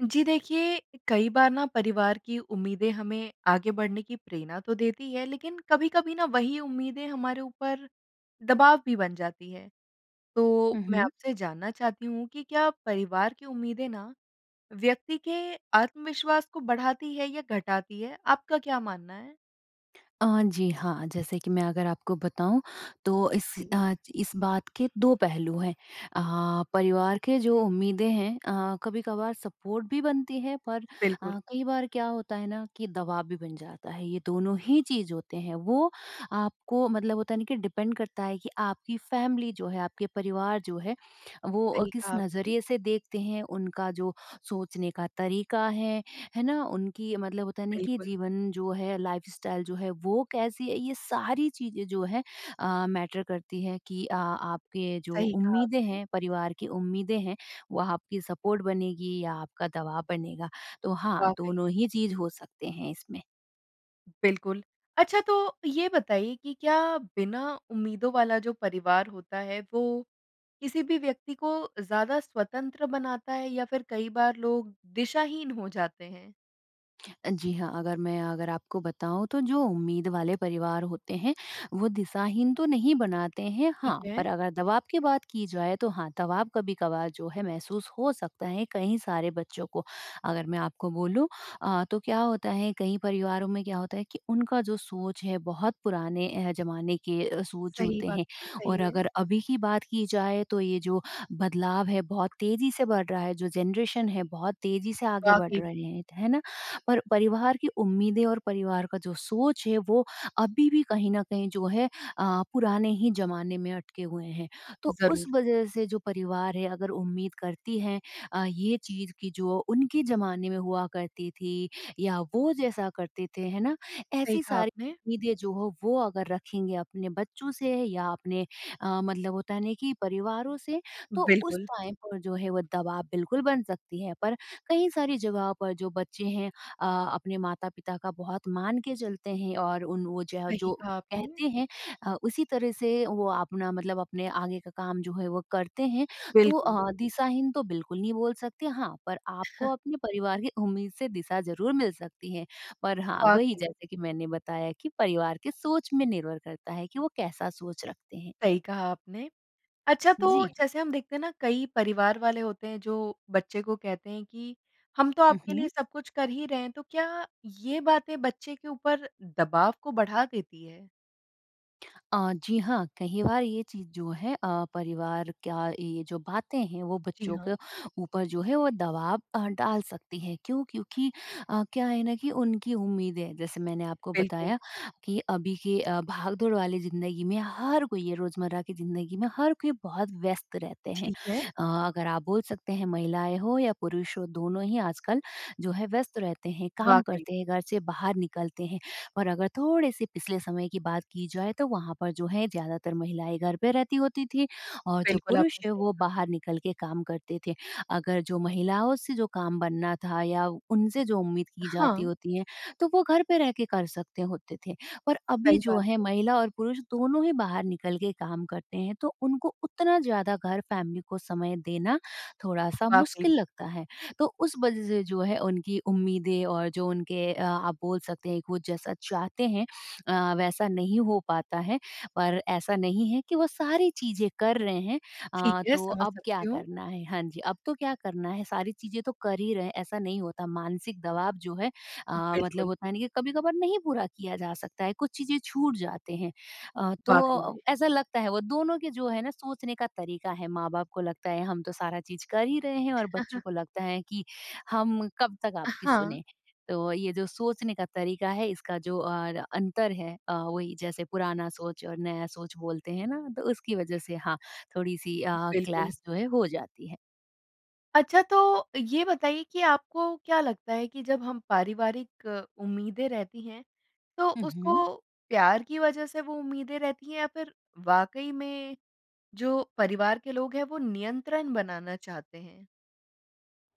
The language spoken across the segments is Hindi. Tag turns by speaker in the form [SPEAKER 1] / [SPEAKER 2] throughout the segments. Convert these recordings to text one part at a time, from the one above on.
[SPEAKER 1] जी देखिए, कई बार ना परिवार की उम्मीदें हमें आगे बढ़ने की प्रेरणा तो देती हैं, लेकिन कभी-कभी ना, वही उम्मीदें हमारे ऊपर दबाव भी बन जाती हैं। तो
[SPEAKER 2] हुँ,
[SPEAKER 1] मैं
[SPEAKER 2] हुँ।
[SPEAKER 1] आपसे जानना चाहती हूँ कि क्या परिवार की उम्मीदें ना, व्यक्ति के आत्मविश्वास को बढ़ाती हैं या घटाती हैं? आपका क्या मानना है?
[SPEAKER 2] अ, जी, हाँ। जैसे कि मैं अगर आपको बताऊँ, तो इस
[SPEAKER 1] जी।
[SPEAKER 2] अ, च इस बात के 2 पहलू हैं। अ, परिवार के जो उम्मीदें हैं अ, कभी-कभार सपोर्ट भी बनती है, पर
[SPEAKER 1] बिल्कुल।
[SPEAKER 2] अ, कई बार क्या होता है ना कि दबाव भी बन जाता है। ये दोनों ही चीज़ होते हैं वो आपको, मतलब होता है ना कि डिपेंड करता है कि आपकी फ़ैमिली जो है, आपके परिवार जो है, वो अ,
[SPEAKER 1] सही
[SPEAKER 2] किस
[SPEAKER 1] कहा आपने।
[SPEAKER 2] नज़रिए से देखते हैं, उनका जो सोचने का तरीका है, है ना? उनकी, मतलब होता है ना कि
[SPEAKER 1] बिल्कुल।
[SPEAKER 2] जीवन जो है, लाइफ़स्टाइल जो है, वो कैसी है, ये सारी चीज़ें जो है अ, मैटर करती हैं कि अ, आपके जो
[SPEAKER 1] सही कहा
[SPEAKER 2] उम्मीदें
[SPEAKER 1] आपने।
[SPEAKER 2] हैं, परिवार की उम्मीदें हैं, वो आपकी सपोर्ट बनेगी या आपका दबाव बनेगा। तो हाँ,
[SPEAKER 1] वाक़ई।
[SPEAKER 2] दोनों ही चीज़ हो सकते हैं इसमें।
[SPEAKER 1] बिल्कुल। अच्छा तो ये बताइए कि क्या बिना उम्मीदों वाला जो परिवार होता है, वो किसी भी व्यक्ति को ज़्यादा स्वतंत्र बनाता है या फिर कई बार लोग दिशाहीन हो जाते हैं?
[SPEAKER 2] अ, जी हाँ, अगर मैं अगर आपको बताऊँ तो जो उम्मीद वाले परिवार होते हैं, वो दिशाहीन तो नहीं बनाते हैं।
[SPEAKER 1] ठीक
[SPEAKER 2] हाँ,
[SPEAKER 1] है।
[SPEAKER 2] पर अगर दबाव की बात की जाए तो हाँ, दवाब कभी-कभार जो है महसूस हो सकता है कई सारे बच्चों को। अगर मैं आपको बोलूँ अ, तो क्या होता है कई परिवारों में क्या होता है कि उनका जो सोच है, बहुत पुराने अ, ज़माने के सोच
[SPEAKER 1] सही
[SPEAKER 2] होते
[SPEAKER 1] बात।
[SPEAKER 2] हैं
[SPEAKER 1] सही
[SPEAKER 2] और
[SPEAKER 1] है।
[SPEAKER 2] अगर अभी की बात की जाए तो ये जो बदलाव है बहुत तेज़ी से बढ़ रहा है, जो जनरेशन है बहुत तेज़ी से आगे बढ़
[SPEAKER 1] वाक़ई में।
[SPEAKER 2] रहे हैं। है ना? पर परिवार की उम्मीदें और परिवार का जो सोच है वो अभी भी कहीं न कहीं जो है अ, पुराने ही ज़माने में अटके हुए हैं। तो उस
[SPEAKER 1] ज़रूर।
[SPEAKER 2] वज़ह से जो परिवार है अगर उम्मीद करती हैं अ, ये चीज़ कि जो उनके ज़माने में हुआ करती थी या वो जैसा करते थे। है ना?
[SPEAKER 1] सही
[SPEAKER 2] ऐसी
[SPEAKER 1] कहा
[SPEAKER 2] सारी
[SPEAKER 1] आपने।
[SPEAKER 2] उम्मीदें जो हो वो अगर रखेंगे अपने बच्चों से या अपने अ, मतलब होता है नहीं कि परिवारों से तो उस
[SPEAKER 1] बिल्कुल।
[SPEAKER 2] टाइम पर जो है वो दवाब बिल्कुल बन सकती है। पर कई सारी जगहों पर जो बच्चे हैं अ, अपने माता-पिता का बहुत मान के चलते हैं और उन वो जह
[SPEAKER 1] सही
[SPEAKER 2] जो
[SPEAKER 1] कहा आपने।
[SPEAKER 2] कहते हैं अ, उसी तरह से वो अपना मतलब अपने आगे का काम जो है वो करते हैं। तो
[SPEAKER 1] बिल्कुल।
[SPEAKER 2] अ, दिशाहीन तो बिल्कुल नहीं बोल सकते हाँ, पर आपको अपने परिवार की उम्मीद से दिशा ज़रूर मिल सकती है पर हाँ, वही
[SPEAKER 1] वाक़ई।
[SPEAKER 2] जैसे कि मैंने बताया कि परिवार के सोच में निर्भर करता है कि वो कैसा सोच रखते हैं।
[SPEAKER 1] सही कहा आपने। अच्छा, तो
[SPEAKER 2] जी।
[SPEAKER 1] जैसे हम देखते हैं ना कई परिवार वाले होते हैं जो बच्चे को कहते हैं कि हम तो
[SPEAKER 2] हुँ,
[SPEAKER 1] आपके लिए
[SPEAKER 2] हुँ।
[SPEAKER 1] सब कुछ कर ही रहे हैं, तो क्या ये बातें बच्चे के ऊपर दबाव को बढ़ा देती है?
[SPEAKER 2] अ, जी हाँ, कहीं बार ये चीज़ जो है अ, परिवार का ये जो बातें हैं, वो
[SPEAKER 1] जी
[SPEAKER 2] बच्चों के
[SPEAKER 1] हाँ।
[SPEAKER 2] ऊपर जो है वो दबाव अ, डाल सकती है क्यों? क्योंकि अ, क्या है ना कि उनकी उम्मीदें, जैसे मैंने आपको
[SPEAKER 1] बिल्कुल।
[SPEAKER 2] बताया कि अभी के अ, भागदौड़ वाली ज़िन्दगी में, हर कोई ये रोजमर्रा की ज़िन्दगी में, हर कोई बहुत व्यस्त रहते हैं।
[SPEAKER 1] ठीक है।
[SPEAKER 2] अ, अगर आप बोल सकते हैं महिलाएँ हो या पुरुष हो दोनों ही आजकल जो है व्यस्त रहते हैं, काम
[SPEAKER 1] वाक़ई।
[SPEAKER 2] करते हैं। घर से बाहर निकलते हैं और अगर थोड़े से पिछले समय की बात की जाए तो वहाँ पर जो है ज़्यादातर महिलाएँ घर पे रहती होती थी और जो
[SPEAKER 1] बिल्कुल,
[SPEAKER 2] पुरुष
[SPEAKER 1] आपने
[SPEAKER 2] है
[SPEAKER 1] सही
[SPEAKER 2] वो
[SPEAKER 1] कहा।
[SPEAKER 2] बाहर निकल के काम करते थे। अगर जो महिलाओं से जो काम बनना था या उनसे जो उम्मीद की जाती
[SPEAKER 1] हाँ।
[SPEAKER 2] होती है, तो वो घर पे रह के कर सकते होते थे पर अभी
[SPEAKER 1] सही
[SPEAKER 2] जो
[SPEAKER 1] बात है।
[SPEAKER 2] है महिला और पुरुष दोनों ही बाहर निकल के काम करते हैं। तो उनको उतना ज़्यादा घर फैमिली को समय देना थोड़ा-सा
[SPEAKER 1] वाक़ई में।
[SPEAKER 2] मुश्किल लगता है। तो उस वजह से जो है उनकी उम्मीदें और जो उनके अ, आप बोल सकते हैं कि वो जैसा चाहते हैं अ, वैसा नहीं हो पाता है पर ऐसा नहीं है कि वो सारी चीज़ें कर रहे हैं।
[SPEAKER 1] ठीक
[SPEAKER 2] अ,
[SPEAKER 1] है,
[SPEAKER 2] तो
[SPEAKER 1] समझ
[SPEAKER 2] अब क्या
[SPEAKER 1] सकती हूँ।
[SPEAKER 2] करना है? हाँ जी, अब तो क्या करना है, सारी चीज़ें तो कर ही रहे हैं, ऐसा नहीं होता। मानसिक दवाब जो है, अ, मतलब
[SPEAKER 1] बिल्कुल।
[SPEAKER 2] होता है ना कि कभी-कभार नहीं पूरा किया जा सकता है, कुछ चीज़ें छूट जाते हैं। अ,
[SPEAKER 1] वाक़ई में।
[SPEAKER 2] तो ऐसा लगता है वो दोनों के जो है ना सोचने का तरीका है, माँ-बाप को लगता है हम तो सारा चीज़ कर ही रहे हैं और बच्चों को लगता है कि हम कब तक
[SPEAKER 1] अ,
[SPEAKER 2] आपकी
[SPEAKER 1] हाँ।
[SPEAKER 2] सुनें? तो ये जो सोचने का तरीका है, इसका जो अर अंतर है। अ, वही जैसे पुराना सोच और नया सोच बोलते हैं ना, तो उसकी वजह से हाँ, थोड़ी-सी अ,
[SPEAKER 1] बिल्कुल।
[SPEAKER 2] क्लैश जो है हो जाती है।
[SPEAKER 1] अच्छा, तो ये बताइए कि आपको क्या लगता है कि जब हम पारिवारिक उम्मीदें रहती हैं तो
[SPEAKER 2] हुँ,
[SPEAKER 1] उसको
[SPEAKER 2] हुँ।
[SPEAKER 1] प्यार की वज़ह से वो उम्मीदें रहती हैं या फिर वाक़ई में जो परिवार के लोग हैं वो नियंत्रण बनाना चाहते हैं?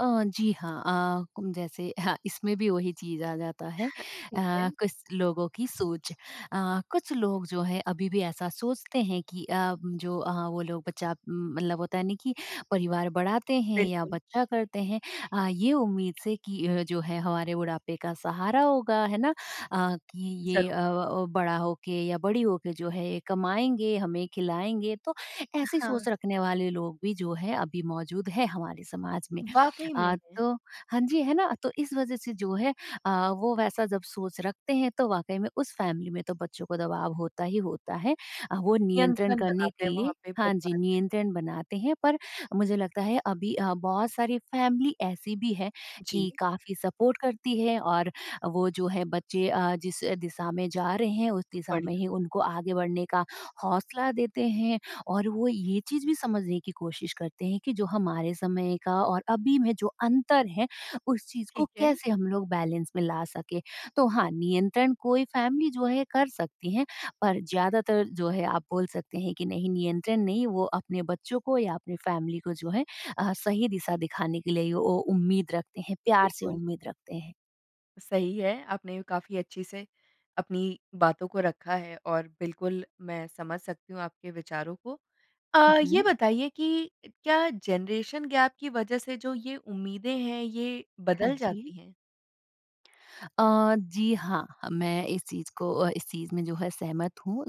[SPEAKER 2] अ, जी हाँ। अ उम, जैसे अह इसमें भी वही चीज़ आ जाता है।
[SPEAKER 1] ठीक है।
[SPEAKER 2] अ, कुछ लोगों की सोच अ, कुछ लोग जो है अभी भी ऐसा सोचते हैं कि अ, जो अ, वो लोग बच्चा मतलब होता है ना, कि परिवार बढ़ाते हैं या
[SPEAKER 1] बिल्कुल।
[SPEAKER 2] बच्चा करते हैं अ, ये उम्मीद से कि अ, जो है हमारे बुढ़ापे का सहारा होगा, है ना? अ, कि ये
[SPEAKER 1] ज़रूर।
[SPEAKER 2] अ, बड़ा हो के या बड़ी हो के जो है ये कमाएँगे, हमें खिलाएँगे, तो ऐसी
[SPEAKER 1] हाँ।
[SPEAKER 2] सोच रखने वाले लोग भी जो है अभी मौजूद है हमारे समाज में।
[SPEAKER 1] वाक़ई में
[SPEAKER 2] अ,
[SPEAKER 1] हैं।
[SPEAKER 2] तो हाँ जी, है ना। अ, तो इस वज़ह से जो है अ, वो वैसा जब सोच रखते हैं तो वाक़ई में उस फ़ैमिली में तो बच्चों को दबाव होता ही होता है। अ, वो नियंत्रण
[SPEAKER 1] नियंत्रण
[SPEAKER 2] करने
[SPEAKER 1] बनाते
[SPEAKER 2] के
[SPEAKER 1] हैं
[SPEAKER 2] लिए
[SPEAKER 1] वहाँ पे
[SPEAKER 2] हाँ जी।
[SPEAKER 1] परिवार के लोग।
[SPEAKER 2] नियंत्रण बनाते हैं पर मुझे लगता है अभी अ, बहुत सारी फ़ैमिली ऐसी भी है
[SPEAKER 1] जी।
[SPEAKER 2] कि काफ़ी सपोर्ट करती है और अ, वो जो है बच्चे अ, जिस अ, दिशा में जा रहे हैं उस दिशा में
[SPEAKER 1] बढ़िया।
[SPEAKER 2] ही उनको आगे बढ़ने का हौंसला देते हैं। और वो ये चीज़ भी समझने की कोशिश करते हैं कि जो हमारे समय का और अभी में जो अंतर है, उस चीज़ को
[SPEAKER 1] ठीक है।
[SPEAKER 2] कैसे हम लोग बैलेंस में ला सकें? तो हाँ, नियंत्रण कोई फ़ैमिली जो है कर सकती हैं पर ज़्यादातर जो है आप बोल सकते हैं कि नहीं नियंत्रण नहीं वो अपने बच्चों को या अपनी फ़ैमिली को जो है अ, सही दिशा दिखाने के लिए ओ उम्मीद रखते हैं। प्यार से
[SPEAKER 1] बिल्कुल।
[SPEAKER 2] उम्मीद रखते हैं।
[SPEAKER 1] सही है। आपने काफ़ी अच्छे से, अपनी बातों को रखा है और बिल्कुल, मैं समझ सकती हूँ आपके विचारों को।
[SPEAKER 2] हुँ,
[SPEAKER 1] अ, ये
[SPEAKER 2] हुँ।
[SPEAKER 1] बताइए कि क्या जनरेशन गैप की वज़ह से जो ये उम्मीदें हैं, ये
[SPEAKER 2] हाँ
[SPEAKER 1] बदल
[SPEAKER 2] जी।
[SPEAKER 1] जाती हैं?
[SPEAKER 2] अ, जी हाँ। अ, मैं इस चीज़ को अ, इस चीज़ में जो है, सहमत हूँ।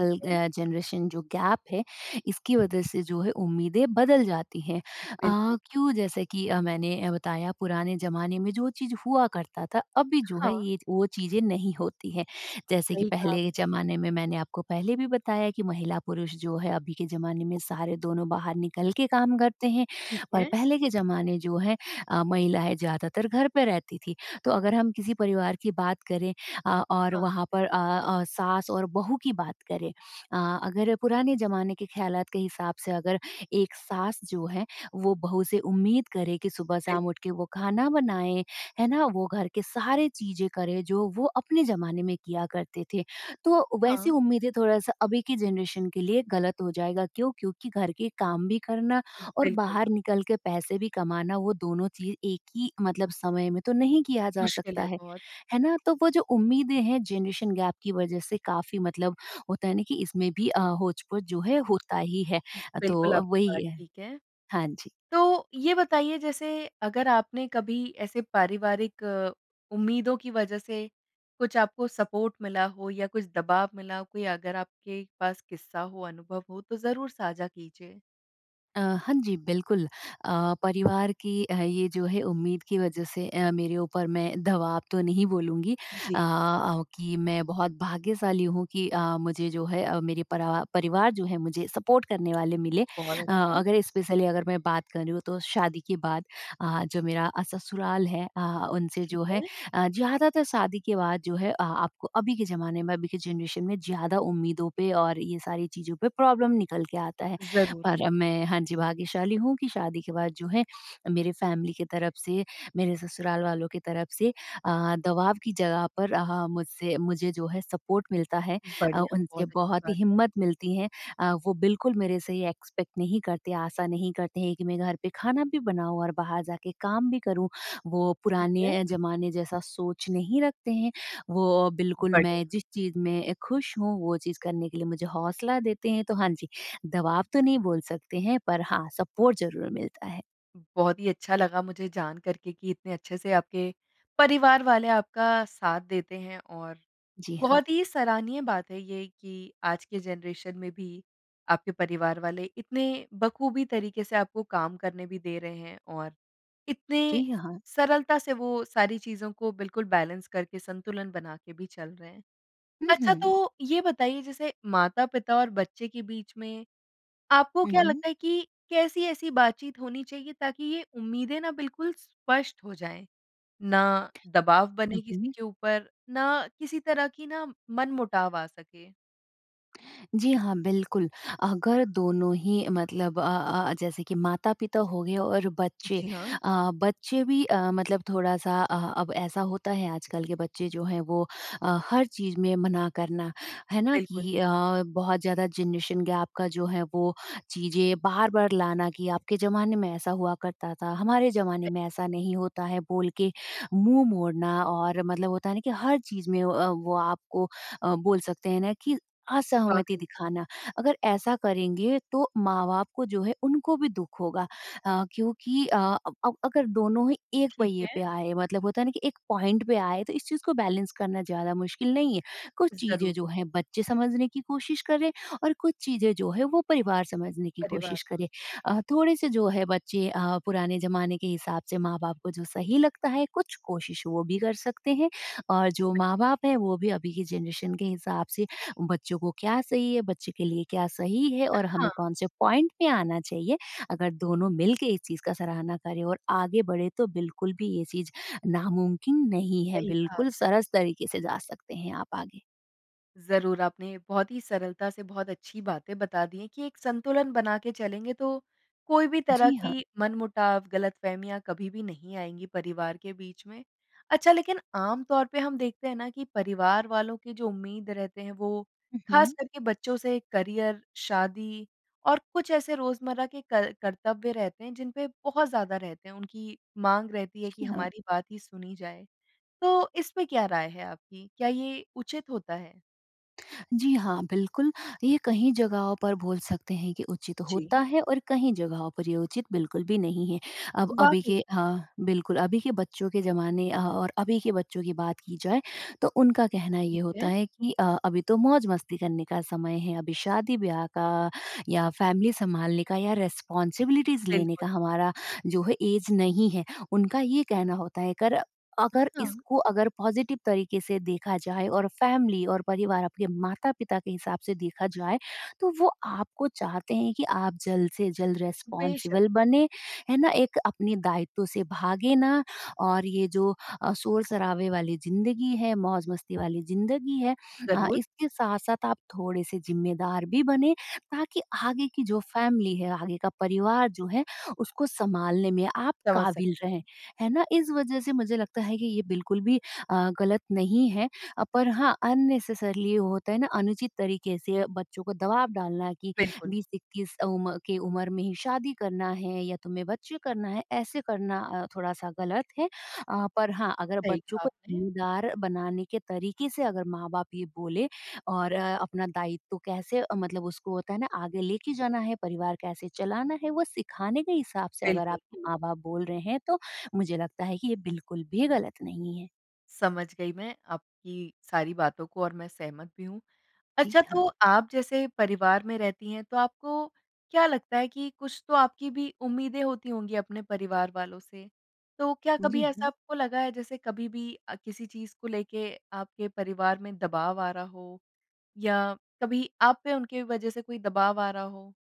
[SPEAKER 1] ठीक है।
[SPEAKER 2] अ जनरेशन जो गैप है, इसकी वज़ह से जो है, उम्मीदें बदल जाती हैं। अ,
[SPEAKER 1] बिल्कुल।
[SPEAKER 2] क्यों? जैसे कि अ, मैंने बताया, पुराने ज़माने में जो चीज़ हुआ करता था, अभी जो है,
[SPEAKER 1] हाँ।
[SPEAKER 2] ये वो चीज़ें नहीं होती हैं। जैसे कि
[SPEAKER 1] सही कहा
[SPEAKER 2] पहले के
[SPEAKER 1] आपने।
[SPEAKER 2] ज़माने में मैंने आपको पहले भी बताया कि महिला-पुरुष जो है, अभी के ज़माने में सारे दोनों बाहर निकल के काम करते हैं,
[SPEAKER 1] ठीक
[SPEAKER 2] और
[SPEAKER 1] है।
[SPEAKER 2] पहले के ज़माने जो हैं अ, महिलाएँ ज़्यादातर घर पे रहती थीं। तो अगर हम किसी परिवार की बात करें अ, और
[SPEAKER 1] हाँ।
[SPEAKER 2] वहाँ पर अ अ, सास और बहू की बात करें अ, अगर पुराने ज़माने के ख़्यालात के हिसाब से अगर एक सास जो है, वो बहू से उम्मीद करे कि
[SPEAKER 1] बिल
[SPEAKER 2] सुबह-शाम उठ के वो खाना बनाए, है ना? वो घर के सारे चीज़ें करें, जो वो अपने ज़माने में किया करते थे, तो वैसी
[SPEAKER 1] हाँ।
[SPEAKER 2] उम्मीदें थोड़ा-सा अभी की जनरेशन के लिए गलत हो जाएगा। क्यों? क्योंकि घर के काम भी करना
[SPEAKER 1] उ,
[SPEAKER 2] और
[SPEAKER 1] बिल्कुल।
[SPEAKER 2] बाहर निकल के पैसे भी कमाना, वो दोनों चीज़ एक ही मतलब समय में तो नहीं किया जा
[SPEAKER 1] मुश्किल
[SPEAKER 2] सकता
[SPEAKER 1] है
[SPEAKER 2] है।
[SPEAKER 1] बहुत।
[SPEAKER 2] है ना? तो वो जो उम्मीदें हैं, जनरेशन गैप की वज़ह से काफ़ी मतलब होता है ना कि इसमें भी अ, होच-पोच जो है, होता ही है। अ, तो
[SPEAKER 1] बिल्कुल,
[SPEAKER 2] अब
[SPEAKER 1] आपकी बात
[SPEAKER 2] वही है।
[SPEAKER 1] ठीक है।
[SPEAKER 2] हाँ जी।
[SPEAKER 1] तो ये बताइए, जैसे अगर आपने कभी ऐसे पारिवारिक उम्मीदों की वज़ह से कुछ आपको सपोर्ट मिला हो, या कुछ दबाव मिला, कोई अगर आपके पास किस्सा हो, अनुभव हो, तो ज़रूर साझा कीजिए?
[SPEAKER 2] अ, हाँ जी, बिल्कुल। अ, परिवार की अ, ये जो है उम्मीद की वज़ह से अ, मेरे ऊपर मैं दवाब तो नहीं बोलूँगी अ
[SPEAKER 1] जी।
[SPEAKER 2] अ, कि मैं बहुत भाग्यशाली हूँ कि अ, मुझे जो है अ, मेरे परा परिवार जो है मुझे सपोर्ट करने वाले मिले।
[SPEAKER 1] बहुत
[SPEAKER 2] अ,
[SPEAKER 1] अच्छा है।
[SPEAKER 2] अगर स्पेशली अगर मैं बात कर रही हूँ तो शादी के बाद अ, जो मेरा अ, ससुराल है अ, उनसे
[SPEAKER 1] ठीक
[SPEAKER 2] जो है
[SPEAKER 1] है।
[SPEAKER 2] अ, ज़्यादातर शादी के बाद जो है अ, आपको अभी के ज़माने में, अभी के जनरेशन में ज़्यादा उम्मीदों पे और ये सारी चीज़ों पे प्रॉब्लम निकल के आता है।
[SPEAKER 1] ज़रूर।
[SPEAKER 2] और मैं हाँ जी, भाग्यशाली हूँ कि शादी के बाद जो है मेरे फ़ैमिली के तरफ़ से, मेरे ससुराल वालों के तरफ़ से अ, दबाव की जगह पर अ, मुझसे मुझे जो है सपोर्ट मिलता है अ,
[SPEAKER 1] बढ़िया,
[SPEAKER 2] उनसे
[SPEAKER 1] बहुत अच्छी
[SPEAKER 2] बहुत ही
[SPEAKER 1] बात है।
[SPEAKER 2] हिम्मत मिलती है अ, वो बिल्कुल मेरे से ये एक्सपेक्ट नहीं करते, आशा नहीं करते हैं कि मैं घर पे खाना भी बनाऊँ और बाहर जा के काम भी करूँ। वो
[SPEAKER 1] ठीक
[SPEAKER 2] पुराने
[SPEAKER 1] है।
[SPEAKER 2] अ, ज़माने जैसा सोच नहीं रखते हैं वो बिल्कुल
[SPEAKER 1] बढ़िया।
[SPEAKER 2] मैं जिस चीज़ में खुश हूँ, वो चीज़ करने के लिए मुझे हौसला देते हैं। तो हाँ जी, दबाव तो नहीं बोल सकते हैं पर हाँ, सपोर्ट ज़रूर मिलता है।
[SPEAKER 1] बहुत ही अच्छा लगा मुझे जानकर के कि इतने अच्छे से आपके परिवार वाले आपका साथ देते हैं। और
[SPEAKER 2] जी हाँ।
[SPEAKER 1] बहुत ही सराहनीय बात है ये कि आज के ज़नरेशन में भी आपके परिवार वाले इतने बख़ूबी तरीके से आपको काम करने भी दे रहे हैं और इतने
[SPEAKER 2] जी हाँ।
[SPEAKER 1] सरलता से वो सारी चीज़ों को बिल्कुल बैलेंस, करके संतुलन बना के भी चल रहे हैं।
[SPEAKER 2] हुँ,
[SPEAKER 1] अच्छा
[SPEAKER 2] हुँ।
[SPEAKER 1] तो ये बताइए जैसे माता-पिता और बच्चे के बीच में आपको
[SPEAKER 2] हुँ,
[SPEAKER 1] क्या
[SPEAKER 2] हुँ।
[SPEAKER 1] लगता है कि कैसी ऐसी बातचीत होनी चाहिए ताकि ये उम्मीदें ना बिल्कुल स्पष्ट हो जाएँ? ना दबाव
[SPEAKER 2] हुँ,
[SPEAKER 1] बने किसी
[SPEAKER 2] हुँ।
[SPEAKER 1] के ऊपर, ना किसी तरह की ना मनमुटाव आ सके।
[SPEAKER 2] जी हाँ। बिल्कुल, अगर दोनों ही मतलब अ अ, जैसे कि माता-पिता हो गए और बच्चे
[SPEAKER 1] जी हाँ।
[SPEAKER 2] अ, बच्चे भी अ, मतलब थोड़ा-सा अ, अब ऐसा होता है आजकल के बच्चे जो हैं वो अ, हर चीज़ में मना करना, है ना?
[SPEAKER 1] बिल्कुल।
[SPEAKER 2] कि अ, बहुत ज़्यादा ज़नरेशन गैप का जो है वो चीज़ें बार-बार लाना कि आपके ज़माने में ऐसा हुआ करता था, हमारे ज़माने में ऐसा नहीं होता है बोल के मुँह मोड़ना। और मतलब होता है ना कि हर चीज़ में अ, वो आपको अ, बोल सकते हैं ना कि असहमति
[SPEAKER 1] वाक़ई।
[SPEAKER 2] दिखाना। अगर ऐसा करेंगे तो माँ-बाप को जो है उनको भी दुःख होगा अ, क्योंकि अ, अब अब अगर दोनों ही एक
[SPEAKER 1] ठीक
[SPEAKER 2] पहिए
[SPEAKER 1] है।
[SPEAKER 2] पे आए मतलब होता है ना कि एक पॉइंट पे आए तो इस चीज़ को बैलेंस करना ज़्यादा मुश्किल नहीं है। कुछ चीज़ें
[SPEAKER 1] ज़रूर।
[SPEAKER 2] जो हैं बच्चे समझने की कोशिश करें और कुछ चीज़ें जो है वो परिवार समझने की
[SPEAKER 1] परिवार
[SPEAKER 2] कोशिश करें।
[SPEAKER 1] सम
[SPEAKER 2] अ, थोड़े-से जो हैं बच्चे अ, पुराने ज़माने के हिसाब से माँ-बाप को जो सही लगता है कुछ कोशिश वो भी कर सकते हैं। और जो
[SPEAKER 1] सही।
[SPEAKER 2] माँ-बाप हैं वो भी अभी की ज़नरेशन के हिसाब से बच्चों को क्या सही है, बच्चे के लिए क्या सही है
[SPEAKER 1] अ,
[SPEAKER 2] और हमें
[SPEAKER 1] हाँ।
[SPEAKER 2] कौन-से पॉइंट पे आना चाहिए, अगर दोनों मिलके इस चीज़ का सराहना करें और आगे बढ़ें तो बिल्कुल भी ये चीज़ नामुमकिन नहीं है।
[SPEAKER 1] सही कहा
[SPEAKER 2] बिल्कुल
[SPEAKER 1] आपने।
[SPEAKER 2] सरस तरीके से जा सकते हैं आप आगे।
[SPEAKER 1] ज़रूर, आपने बहुत ही सरलता से बहुत अच्छी बातें बता दी है कि एक संतुलन बना के चलेंगे तो, कोई भी तरह
[SPEAKER 2] जी हाँ।
[SPEAKER 1] की मनमुटाव, गलतफ़हमियाँ कभी भी नहीं आएँगी परिवार के बीच में। अच्छा, लेकिन आम तौर पे हम देखते हैं ना कि परिवार वालों की जो उम्मीद रहते हैं, वो
[SPEAKER 2] हुँ, हुँ।
[SPEAKER 1] ख़ास करके बच्चों से करियर शादी और कुछ ऐसे रोजमर्रा के कर कर्तव्य रहते हैं जिनपे बहुत ज़्यादा रहते हैं। उनकी माँग रहती है कि
[SPEAKER 2] ही हाँ।
[SPEAKER 1] हमारी बात ही सुनी जाए। तो इसपे क्या राय है आपकी? क्या ये उचित होता है?
[SPEAKER 2] जी हाँ, बिल्कुल ये कहीं जगहों पर बोल सकते हैं कि उचित होता
[SPEAKER 1] जी।
[SPEAKER 2] है और कहीं जगहों पर ये उचित बिल्कुल भी नहीं है। अब अभी
[SPEAKER 1] वाक़ई।
[SPEAKER 2] के हाँ, बिल्कुल। अभी के बच्चों के ज़माने अ, और अभी के बच्चों की बात की जाए तो उनका कहना ये
[SPEAKER 1] ठीक
[SPEAKER 2] होता
[SPEAKER 1] है।
[SPEAKER 2] है कि अ, अभी तो मौज़-मस्ती करने का समय है। अभी शादी-ब्याह का या फैमिली सँभालने का या रिस्पांसिबिलिटीज़ लेने
[SPEAKER 1] बिल्कुल।
[SPEAKER 2] का हमारा जो है ऐज नहीं है। उनका ये कहना होता है कर अगर
[SPEAKER 1] हाँ।
[SPEAKER 2] इसको अगर पॉजिटिव तरीके से देखा जाए और फैमिली और परिवार आपके माता-पिता के हिसाब से देखा जाए, तो वो आपको चाहते हैं कि आप जल्द से जल्द
[SPEAKER 1] बेशक।
[SPEAKER 2] रिस्पॉन्सिबल बने है ना, एक अपने दायित्व से भागे ना और ये जो अ, शोर-शराबे वाली ज़िन्दगी है, मौज़-मस्ती वाली ज़िन्दगी है अ,
[SPEAKER 1] ज़रूर।
[SPEAKER 2] इसके साथ-साथ आप थोड़े-से ज़िम्मेदार भी बनें ताकि आगे की जो फैमिली है, आगे का परिवार जो है उसको सँभालने में आप
[SPEAKER 1] समझ
[SPEAKER 2] काबिल
[SPEAKER 1] सकती
[SPEAKER 2] रहें।
[SPEAKER 1] हूँ।
[SPEAKER 2] है ना? इस वज़ह से मुझे लगता है कि ये बिल्कुल भी अ, गलत नहीं है। अ, पर हाँ, अननेसेसरीली होता है ना, अनुचित तरीके से बच्चों को दवाब डालना कि
[SPEAKER 1] बिल्कुल।
[SPEAKER 2] 20-21 अ उम, के उम्र में ही शादी करना है या तुम्हें बच्चे करना है ऐसे करना अ, थोड़ा-सा गलत है। अ, पर हाँ, अगर
[SPEAKER 1] सही
[SPEAKER 2] बच्चों
[SPEAKER 1] कहा
[SPEAKER 2] को
[SPEAKER 1] आपने।
[SPEAKER 2] ज़िम्मेदार बनाने के तरीके से अगर माँ-बाप ये बोले और अ, अपना दायित्व कैसे अ, मतलब उसको होता है ना आगे लेके जाना है, परिवार कैसे चलाना है वो सिखाने के हिसाब से अगर
[SPEAKER 1] बिल्कुल।
[SPEAKER 2] आपके माँ-बाप बोल रहे हैं, तो मुझे लगता है कि ये बिल्कुल भी गलत नहीं है।
[SPEAKER 1] समझ गई मैं आपकी सारी बातों को और मैं सहमत भी हूँ।
[SPEAKER 2] जी
[SPEAKER 1] अच्छा,
[SPEAKER 2] हाँ।
[SPEAKER 1] तो आप जैसे परिवार में रहती हैं तो आपको क्या लगता है कि कुछ तो आपकी भी उम्मीदें होती होंगी अपने परिवार वालों से? तो क्या कभी
[SPEAKER 2] जी
[SPEAKER 1] ऐसा
[SPEAKER 2] हाँ।
[SPEAKER 1] आपको लगा है जैसे कभी भी अ, किसी चीज़ को लेके आपके परिवार में दबाव आ रहा हो? या कभी आप पे उनकी वज़ह से कोई दबाव आ रहा हो?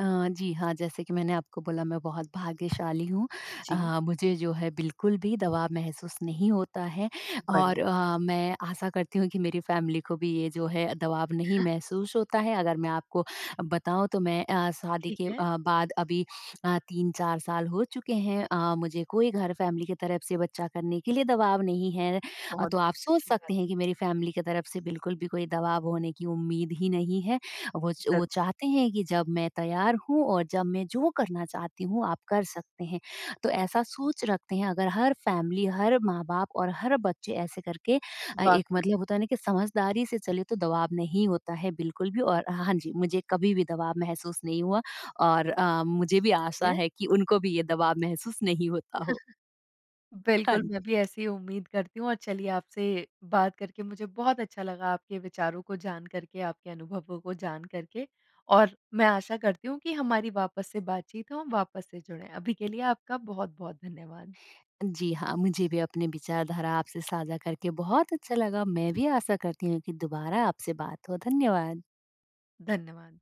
[SPEAKER 2] अ, जी हाँ, जैसे कि मैंने आपको बोला मैं बहुत भाग्यशाली हूँ।
[SPEAKER 1] जी।
[SPEAKER 2] अ, मुझे जो है बिल्कुल भी दबाव महसूस नहीं होता है। और
[SPEAKER 1] बढ़िया।
[SPEAKER 2] अ, मैं आशा करती हूँ कि मेरी फैमिली को भी ये जो है दबाव नहीं महसूस होता है। अगर मैं आपको बताऊँ तो मैं अ, शादी
[SPEAKER 1] ठीक
[SPEAKER 2] के अ,
[SPEAKER 1] है।
[SPEAKER 2] बाद अभी अ, 3-4 साल हो चुके हैं, अ, मुझे कोई घर, फैमिली की तरफ से बच्चा करने के लिए दबाव नहीं है। अ,
[SPEAKER 1] बहुत
[SPEAKER 2] तो आप सोच
[SPEAKER 1] अच्छी बात
[SPEAKER 2] सकते हैं
[SPEAKER 1] है।
[SPEAKER 2] कि मेरी फैमिली के तरफ से बिल्कुल भी कोई दबाव होने की उम्मीद ही नहीं है। वो च वो
[SPEAKER 1] ज़र
[SPEAKER 2] चाहते हैं कि जब मैं तैयार हूँ और जब मैं जो करना चाहती हूँ आप कर सकते हैं, तो ऐसा सोच रखते हैं। अगर हर फैमिली, हर माँ-बाप और हर बच्चे ऐसे करके अ, एक
[SPEAKER 1] वाक़ई में।
[SPEAKER 2] मतलब होता है ना कि समझदारी से चलें तो दबाव नहीं होता है बिल्कुल भी। और हाँ, हाँ, जी। मुझे कभी भी दबाव महसूस नहीं हुआ और अ, मुझे भी आशा
[SPEAKER 1] हैं?
[SPEAKER 2] है कि उनको भी ये दबाव महसूस नहीं होता हो। हाँ
[SPEAKER 1] बिल्कुल
[SPEAKER 2] न
[SPEAKER 1] मैं भी ऐसे ही उम्मीद करती हूँ और चलिए आपसे बात करके मुझे बहुत अच्छा लगा, आपके विचारों को जान करके, आपके अनुभवों को जान करके। और मैं आशा करती हूँ कि हमारी वापस से बातचीत हो हम वापस से जुड़ें। अभी के लिए आपका बहुत-बहुत धन्यवाद।
[SPEAKER 2] जी, हाँ मुझे भी अपने विचारधारा आपसे साझा करके बहुत अच्छा लगा। मैं भी आशा करती हूँ कि दुबारा आपसे बात हो, धन्यवाद।
[SPEAKER 1] धन्यवाद।